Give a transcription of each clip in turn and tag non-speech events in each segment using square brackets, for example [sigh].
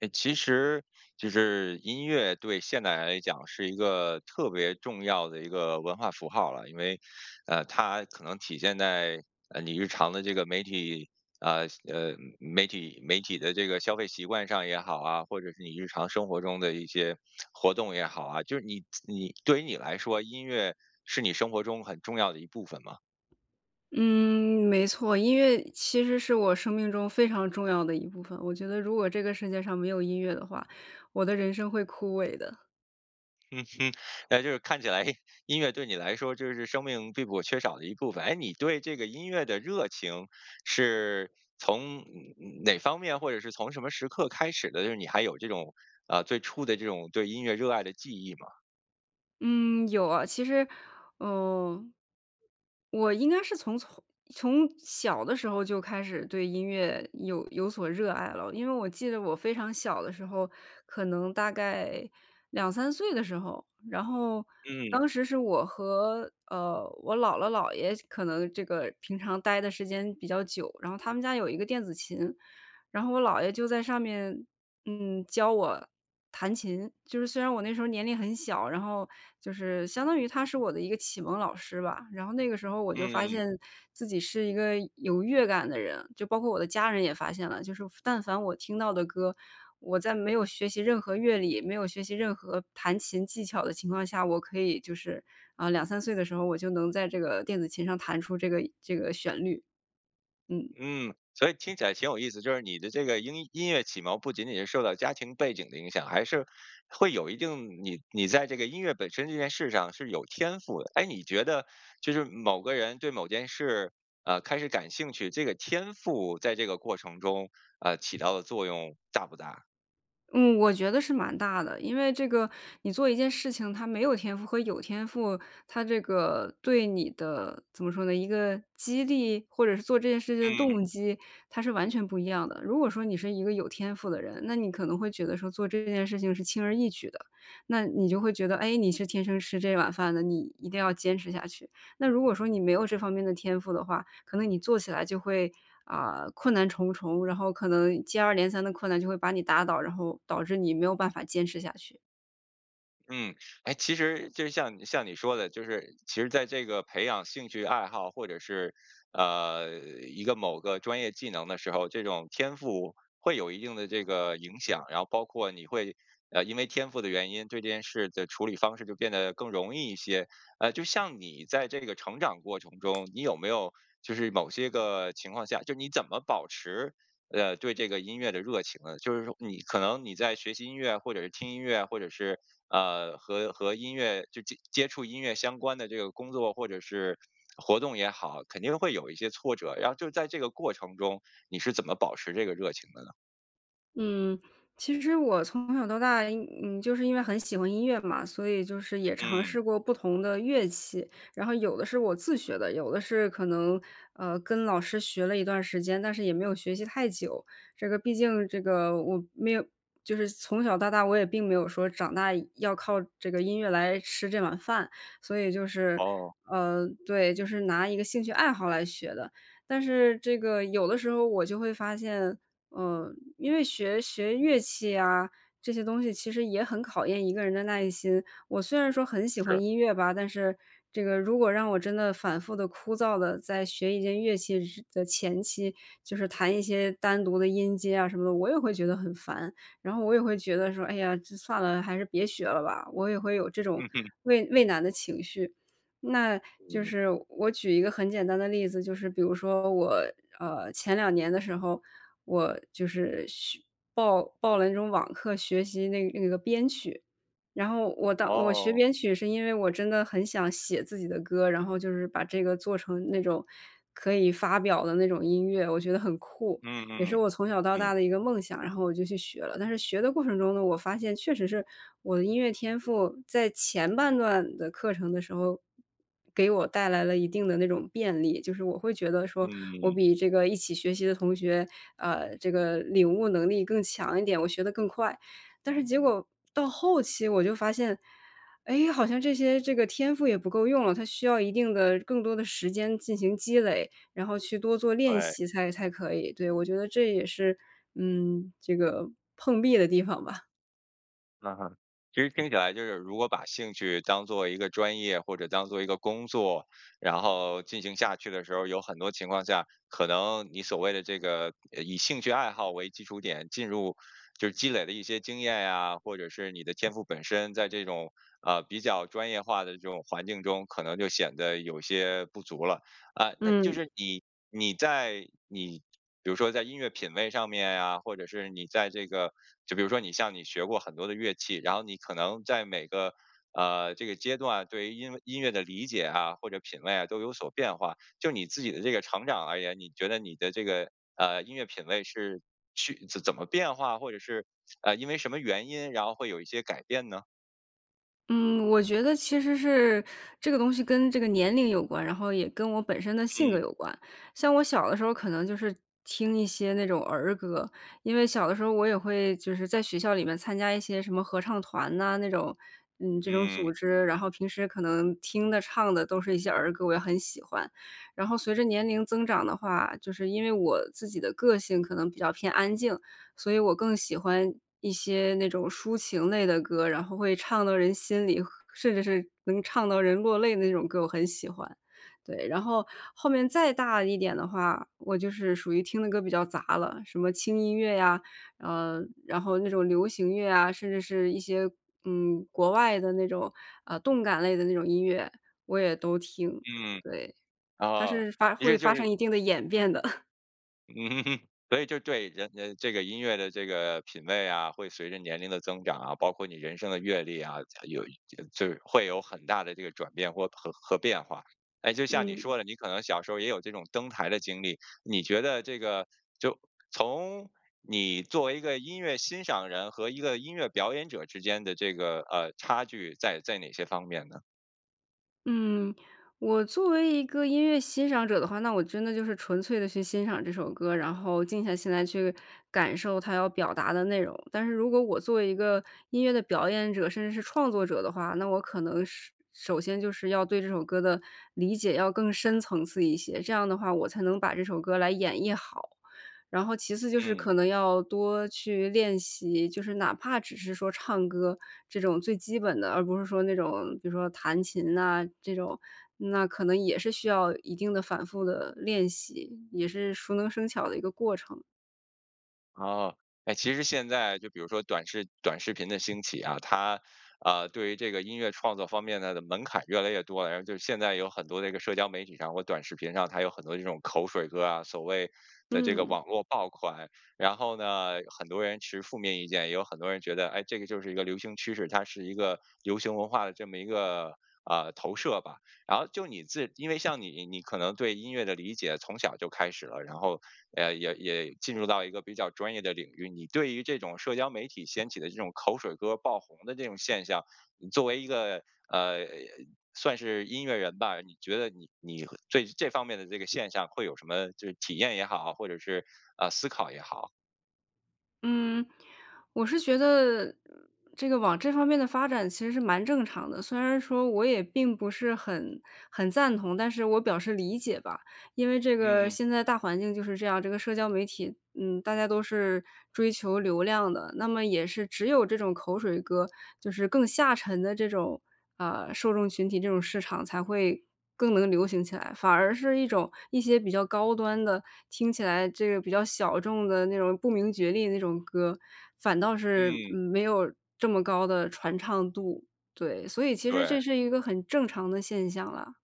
呃，其实就是音乐对现代人来讲是一个特别重要的一个文化符号了，因为呃，它可能体现在呃你日常的这个媒体呃，呃，媒体媒体的这个消费习惯上也好啊，或者是你日常生活中的一些 [tsk] 活动也好啊，就是你你对于你来说，音乐是你生活中很重要的一部分吗？嗯，没错，音乐其实是我生命中非常重要的一部分。我觉得如果这个世界上没有音乐的话，我的人生会枯萎的。嗯哼，那就是看起来，诶，音乐对你来说就是生命并不可缺少的一部分，诶，你对这个音乐的热情是从哪方面或者是从什么时刻开始的？就是你还有这种，啊，最初的这种对音乐热爱的记忆吗？嗯，有啊，其实，嗯。我应该是从从从小的时候就开始对音乐有有所热爱了，因为我记得我非常小的时候，可能大概2-3岁的时候，然后嗯。当时是我和呃，我姥姥姥爷可能这个平常待的时间比较久，然后他们家有一个电子琴，然后我姥爷就在上面，嗯，教我弹琴。就是虽然我那时候年龄很小，然后就是相当于他是我的一个启蒙老师吧，然后那个时候我就发嗯。现自己是一个有乐感的人，就包括我的家人也发现了，就是但凡我听到的歌，我在没有学习任何乐理，没有学习任何弹琴技巧的情况下，我可以就是呃，2-3岁的时候，我就能在这个电子琴上弹出这个这个旋律。嗯。嗯，所以听起来挺有意思，就是你的这个音音乐启蒙不仅仅是受到家庭背景的影响，还是会有一定，你你在这个音乐本身这件事上是有天赋的。诶，你觉得就是某个人对某件事，啊，开始感兴趣，这个天赋在这个过程中，呃，起到的作用大不大？嗯，我觉得是蛮大的。因为这个，你做一件事情，它没有天赋和有天赋，它这个对你的怎么说呢，一个激励？或者是做这件事情的嗯。动机，它是完全不一样的。如果说你是一个有天赋的人，那你可能会觉得说做这件事情是轻而易举的，那你就会觉得，诶，你是天生吃这碗饭的，你一定要坚持下去。那如果说你没有这方面的天赋的话，可能你做起来就会，啊，困难重重，然后可能接二连三的困难就会把你打倒，然后导致你没有办法坚持下去。嗯，诶，其实就像你像你说的，就是其实在这个培养兴趣爱好或者是，呃，一个某个专业技能的时候，这种天赋会有一定的这个影响，然后包括你会，呃，因为天赋的原因，对这件事的处理方式就变得更容易一些。呃，就像你在这个成长过程中，你有没有就是某些个情况下，就你怎么保持，呃，对这个音乐的热情呢？就是说你可能你在学习音乐或者是听音乐，或者是，呃，和和音乐就接触音乐相关的这个工作或者是活动也好，肯定会有一些挫折，然后就在这个过程中你是怎么保持这个热情的呢？嗯，其实我从小到大，嗯，就是因为很喜欢音乐嘛，所以就是也尝嗯。试过不同的乐器。然后有的是我自学的，有的是可能，呃，跟老师学了一段时间，但是也没有学习太久，这个毕竟这个我没有就是从小到大，我也并没有说长大要靠这个音乐来吃这碗饭。所以就是，哦。呃对，就是拿一个兴趣爱好来学的。但是这个有的时候我就会发现，嗯，因为学学乐器呀，这些东西其实也很考验一个人的耐心。我虽然说很喜欢是。音乐吧，但是这个如果让我真的反复地、枯燥地在学一件乐器时的前期，就是弹一些单独的音阶啊什么的，我也会觉得很烦，然后我也会觉得说，哎呀，就算了，还是别学了吧，我也会有这种嗯哼。畏畏难的情绪。那就嗯。是我举一个很简单的例子，就是比如说我，呃，前2年的时候，我就是学报报了那种网课，学习那个那个编曲，然后我到我学哦。编曲是因为我真的很想写自己的歌，然后就是把这个做成那种可以发表的那种音乐，我觉得很酷，嗯也是嗯，我从小到嗯。大的一个梦想，然后我就去学了。但是学的过程中呢，我发现确实是我的音乐天赋，在前半段的课程的时候，给我带来了一定的那种便利，就是我会觉得说我嗯。比这个一起学习的同学，啊，这个领悟能力更强一点，我学得更快。但是结果到后期我就发现，诶，好像这些这个天赋也不够用了，它需要一定的更多的时间进行积累，然后去多做练对。习才才可以，对，我觉得这也是，嗯，这个碰壁的地方吧。嗯哼，其实听起来就是如果把兴趣当做一个专业，或者当做一个工作，然后进行下去的时候，有很多情况下，可能你所谓的这个，呃，以兴趣爱好为基础点进入，就积累的一些经验啊，或者是你的天赋本身，在这种，呃，比较专业化的这种环境中，可能就显得有些不足了。啊，那就嗯。是你你在你比如说在音乐品味上面呀，或者是你在这个就比如说你像你学过很多的乐器，然后你可能在每个，呃，这个阶段对音音乐的理解啊，或者品味啊都有所变化，就你自己的这个成长而言，你觉得你的这个，呃，音乐品味是去怎怎么变化？或者是 [smacks lips] 呃，因为什么原因，然后会有一些改变呢？嗯，我觉得其实是这个东西跟这个年龄有关，然后也跟我本身的性格嗯。有关。像我小的时候可能就是听一些那种儿歌，因为小的时候我也会就是在学校里面参加一些什么合唱团呐，那种嗯，这种组嗯。织，然后平时可能听的唱的都是一些儿歌，我也很喜欢。然后随着年龄增长的话，就是因为我自己的个性可能比较偏安静，所以我更喜欢一些那种抒情类的歌，然后会唱到人心里，甚至是能唱到人落泪的那种歌我很喜欢。对，然后，后面再大一点的话，我就是属于听的歌比较杂了，什么轻音乐呀，呃，然后那种流行乐啊，甚至是一些，嗯，国外的那种，呃，动感类的那种音乐，我也都听。嗯，对，它啊，是发其会实就发生是一定的演变的。[chuckles] 嗯，[chuckles] 所以就对人呃这个音乐的这个品味啊，会随着年龄的增长啊，包括你人生的阅历啊，呃有就就会有很大的这个转变或和和变化。诶，就像你嗯。说的，你可能小时候也有这种登台的经历，你觉得这个就从你作为一个音乐欣赏人和一个音乐表演者之间的这个，呃，差距在在哪些方面呢？嗯，我作为一个音乐欣赏者的话，那我真的就是纯粹地去欣赏这首歌，然后静下心来去感受它要表达的内容。但是如果我作为一个音乐的表演者，甚至是创作者的话，那我可能是首先就是要对这首歌的理解要更深层次一些，这样的话，我才能把这首歌来演绎好。然后其次就是嗯。可能要多去练习，就是哪怕只是说唱歌这种最基本的，而不是说那种比如说弹琴啊这种，那可能也是需要一定的反复地练习，也是熟能生巧的一个过程。哦，哎，其实现在就比如说短视短视频的兴起啊，它，呃，对于这个音乐创作方面它的门槛越来越多了，然后就现在有很多这个社交媒体上或短视频上，它有很多这种口水歌啊，所谓的这个嗯。网络爆款。然后呢，很多人持负面意见，也有很多人觉得哎，这个就是一个流行趋势，它是一个流行文化的这么一个呃，投射吧。然后就你自因为像你你可能对音乐的理解从小儿就开始了，然后呃也也进入到一个比较专业的领域。你对于这种社交媒体掀起的这种口水歌爆红的这种现象，你作为一个呃，算是音乐人吧，你觉得你你和这这方面的这个现象会有什么就是体验也好？或者是，啊，思考也好？嗯，我是觉得这个往这方面的发展其实是蛮正常的，虽然说我也并不是很很赞同，但是我表示理解吧。因为这个嗯，嗯。现在大环境就是这样，这个社交媒体，嗯，大家都是追求流量的，那么也是只有这种口水歌就是更下沉的这种，呃，受众群体、这种市场才会更能流行起来。反而是一种一些比较高端的，听起来这个比较小众的那种不明觉厉那种歌，反倒是，嗯。嗯，没有这么高的传唱度。对，所以其实这对。是一个很正常的现象了。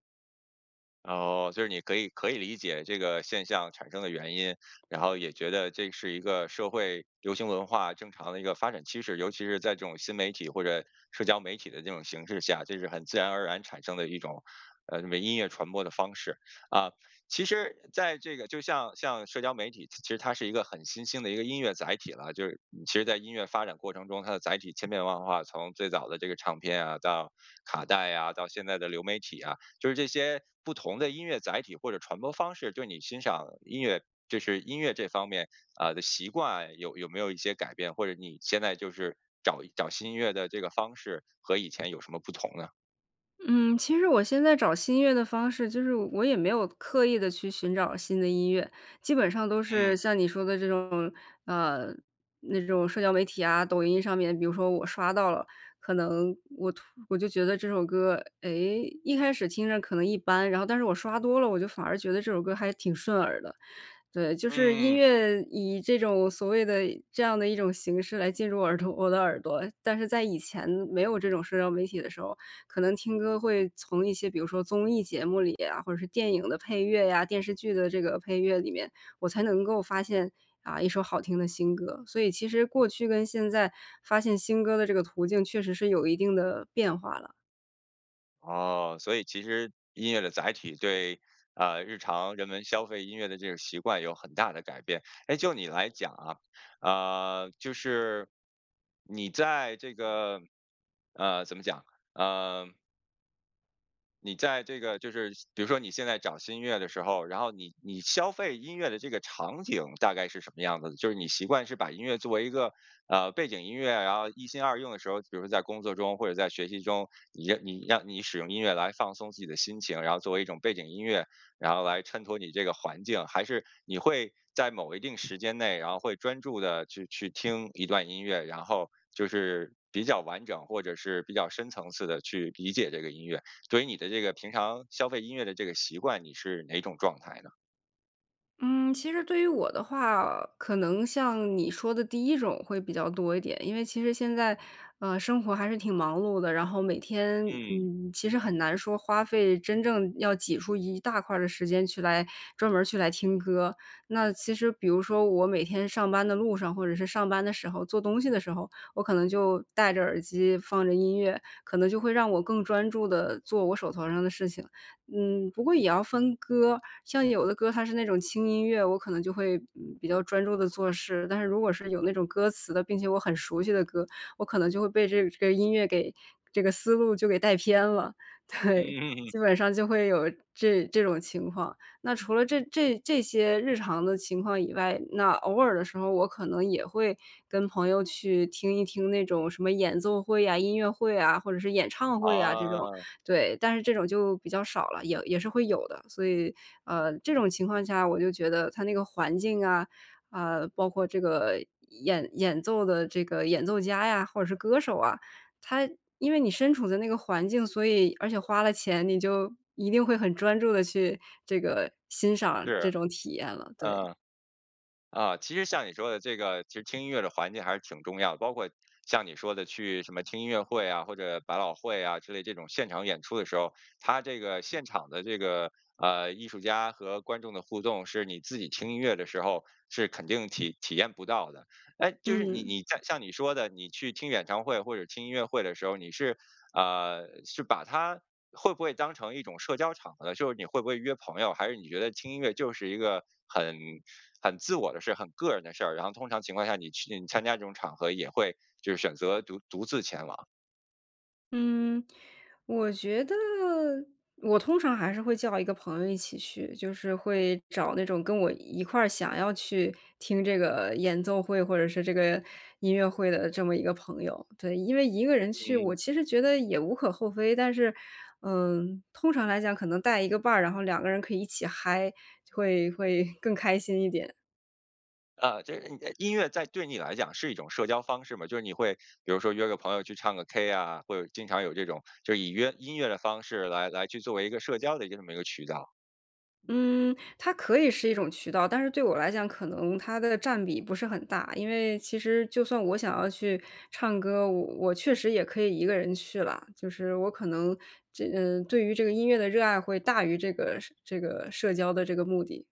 哦，就是你可以可以理解这个现象产生的原因，然后也觉得这是一个社会流行文化，正常的一个发展趋势。尤其是在这种新媒体或者社交媒体的这种形势下，这是很自然而然产生的一种，呃，音乐传播的方式。啊，其实在这个就像像社交媒体，其实它是一个很新兴的一个音乐载体了，就是其实在音乐发展过程中，它的载体千变万化。从最早的这个唱片啊，到卡带呀，到现在的流媒体啊，就是这些不同的音乐载体或者传播方式，对你欣赏音乐就是音乐这方面，呃，的习惯有有没有一些改变？或者你现在就是找找新音乐的这个方式，和以前有什么不同呢？嗯，其实我现在找新音乐的方式，就是我也没有刻意地去寻找新的音乐。基本上都嗯。是，像你说的这种，呃，那种社交媒体啊，抖音上面，比如说我刷到了，可能我突我就觉得这首歌，哎，一开始听着可能一般，然后但是我刷多了，我就反而觉得这首歌还挺顺耳的。对，就嗯是音嗯嗯。乐以这种所谓的这样的一种形式来进入耳朵我的耳朵。但是在以前没有这种社交媒体的时候，可能听歌会从一些比如说综艺节目里啊，或者是电影的配乐呀、电视剧的这个配乐里面，我才能够发现，啊，一首好听的新歌，所以其实过去跟现在，发现新歌的这个途径确实是有一定的变化了。哦，所以其实音乐的载体对啊，日常人们消费音乐的这个习惯有很大的改变。哎，就你来讲啊，啊，就是你在这个呃，怎么讲，呃你在这个就是像比如说你现在找新音乐的时候，然后你你消费音乐的这个场景大概是什么样子的？就是你习惯是把音乐作为一个呃，背景音乐，然后一心二用的时候，比如说在工作中或者在学习中，你让你让你使用音乐来放松自己的心情，然后作为一种背景音乐，然后来衬托你这个环境？还是你会在某一定时间内，然后会专注地去去听一段音乐，然后就是比较完整，或者是比较深层次地去理解这个音乐？所以你的这个平常消费音乐的这个习惯，你是哪种状态呢？嗯。其实对于我的话呃，可能像你说的第一种会比较多一点，因为其实现在，呃，生活还是挺忙碌的，然后每天嗯。嗯，其实很难说花费真正要挤出一大块儿的时间去来专门去来听歌。那其实比如说我每天上班的路上，或者是上班的时候，做东西的时候，我可能就戴着耳机放着音乐，可能就会让我更专注地做我手头上的事情。嗯，不过也要分歌，像有的歌它是那种轻音乐，我可能就会，嗯，比较专注地做事，但是如果是有那种歌词的，并且我很熟悉的歌，我可能就会被这个这个音乐给这个思路就给带偏了。嗯。对，[chuckles] 基本上就会有这这种情况。那除了这这这些日常的情况以外，那偶尔的时候我可能也会跟朋友去听一听那种什么演奏会呀、音乐会啊，或者是演唱会啊这种。啊。对，但是这种就比较少了，也也是会有的。所以呃，这种情况下，我就觉得它那个环境啊，啊，包括这个演演奏的这个演奏家呀，或者是歌手啊，它因为你身处在那个环境，所以而且花了钱，你就一定会很专注地去这个欣赏是，这种体验了，对。呃，啊，其实像你说的这个其实听音乐的环境还是挺重要，包括像你说的去什么听音乐会啊，或者百老汇啊之类这种现场演出的时候，它这个现场的这个呃，艺术家和观众的互动是你自己听音乐的时候是肯定体体验不到的。哎，就是你嗯。你像像你说的，你去听演唱会或者听音乐会的时候，你是，啊，是把它会不会当成一种社交场合呢？就是你会不会约朋友？还是你觉得听音乐就是一个很很自我的事，很个人的事儿，然后通常情况下你去你参加这种场合也会就是选择独独自前往？嗯，我觉得我通常还是会叫一个朋友一起去，就是会找那种跟我一块儿想要去听这个演奏会，或者是这个音乐会的这么一个朋友。对。因为一个人去，我嗯。其实觉得也无可厚非，但是嗯，通常来讲可能带一个伴儿，然后两个人可以一起嗨，会会更开心一点。啊，这嗯，啊，音乐在对你来讲是一种社交方式吗？就是你会比如说约个朋友去唱个 K 啊，或者经常有这种就以约音乐的方式来来去作为一个社交的这么一个渠道？嗯，它可以是一种渠道，但是对我来讲，可能它的占比不是很大。因为其实就算我想要去唱歌，我我确实也可以一个人去啦，就是我可能这对于这个音乐的热爱会大于这个这个社交的这个目的。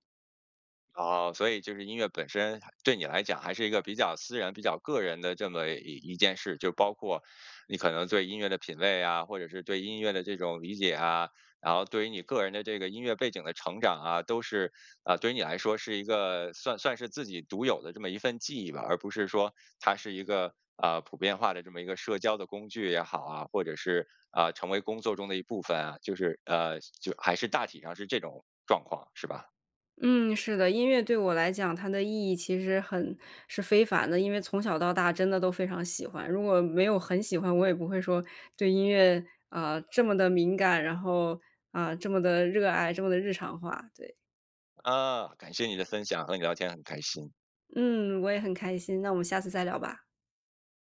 哦，所以就是音乐本身对你来讲还是一个比较私人，比较个人的这么一一件事。就包括你可能对音乐的品味啊，或者是对音乐的这种理解啊，然后对你于个人的这个音乐背景的成长啊，都是，啊，对于你来说是一个算算是自己独有的这么一份记忆吧？而不是说它是一个，啊，普遍化的这么一个社交的工具也好啊，或者是，啊，成为工作中的一部分啊，就是呃，就还是大体上是这种状况是吧？嗯，是的，音乐对我来讲，它的意义其实很是非凡的，因为从小到大真的都非常喜欢。如果没有很喜欢，我也不会说对音乐，啊，这么地敏感，然后，啊，这么地热爱，这么地日常化。对。啊，感谢你的分享，和你聊天很开心。嗯，我也很开心，那我们下次再聊吧。